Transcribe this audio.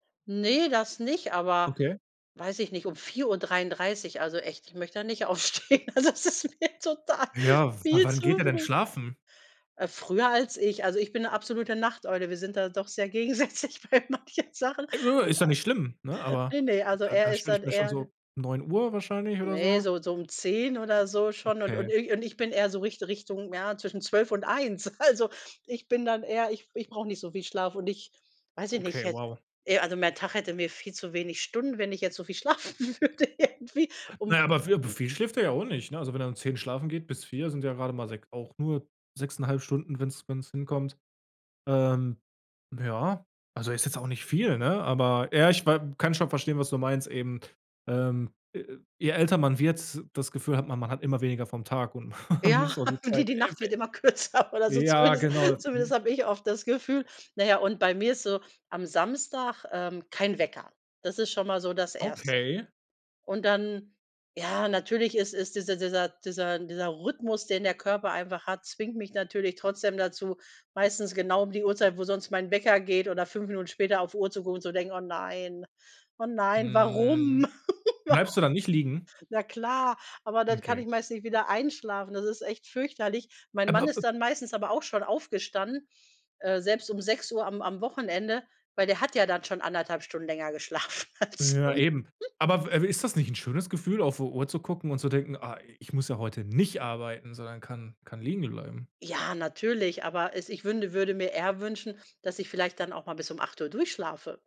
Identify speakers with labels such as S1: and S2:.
S1: Ne, das nicht, aber,
S2: Okay.
S1: weiß ich nicht, um 4:33, also, echt, ich möchte da nicht aufstehen. Also, das ist mir total
S2: Ja, w
S1: viel
S2: wann
S1: zu
S2: geht er denn
S1: früh.
S2: schlafen?
S1: Äh, früher als ich. Also, ich bin 'ne absolute Nachteule. Wir sind da doch sehr gegensätzlich bei manchen Sachen,
S2: Äh, nö, ist ja nicht schlimm, ne,
S1: ja.
S2: aber
S1: Ne, ne, also,
S2: da
S1: er
S2: da
S1: ist
S2: stelle ich
S1: dann
S2: mir schon
S1: eher d
S2: so 9:00 wahrscheinlich oder
S1: Ne,
S2: so.
S1: so so um 10 oder so schon und
S2: Okay.
S1: und irgend und ich bin eher so Richt Richtung, ja, zwischen 12:00 und 1:00. Also, ich bin dann eher ich ich brauche nicht so viel Schlaf und ich weiß ich nicht
S2: Okay,
S1: jetzt,
S2: wow.
S1: hätt eh, also, mein Tag hätte mir viel zu wenig Stunden, wenn ich jetzt so viel schlafen würde irgendwie
S2: Na
S1: um
S2: ja, aber, vi aber, viel schläft er ja auch nicht, ne? Also, wenn er um 10:00 schlafen geht bis 4:00, sind ja grade mal sech auch nur 6,5 Stunden, wenn's wenn's hinkommt. Ähm, ja, also, ist jetzt auch nicht viel, ne? Aber ja, ich wa kann schon verstehen, was du meinst eben, ähm, äh, je älter man wird, das Gefühl hat, man man hat immer weniger vom Tag und man
S1: Ja,
S2: muss auch die
S1: die
S2: Zeit
S1: die Nacht
S2: effe
S1: wird immer kürzer oder so
S2: ja,
S1: zumindest
S2: genau,
S1: zumindest
S2: mhm.
S1: habe ich oft das Gefühl. Na ja, und bei mir ist so am Samstag, ähm, kein Wecker. Das ist schon mal so das 1.
S2: Okay.
S1: Und dann, ja, natürlich ist es dieser dieser dieser Rhythmus, den der Körper einfach hat, zwingt mich natürlich trotzdem dazu, meistens genau um die Uhrzeit, wo sonst mein Wecker geht oder 5 Minuten später auf Uhr zu gucken und zu denken: „Oh nein, oh nein, warum?
S2: Mhm,
S1: Waru“
S2: bleibst du da nicht liegen?
S1: Na klar, aber dann kann
S2: Okay.
S1: ich meistens nicht wieder einschlafen. Das ist echt fürchterlich. Mein Mann
S2: Aber, äh
S1: ist dann meistens aber auch schon aufgestanden, äh, selbst um 6:00 am am Wochenende, weil der hat ja dann schon 1,5 Stunden länger geschlafen als
S2: Ja
S1: son
S2: eben. Aber w äh, ist das nicht 'n schönes Gefühl, auf die Uhr zu gucken und zu denken: „Ah, i ich muss ja heute nicht arbeiten, sondern kann kann liegen bleiben?“
S1: Ja, natürlich. Aber es ich wünde würde mir eher wünschen, dass ich vielleicht dann auch mal bis um 8:00 durchschlafe.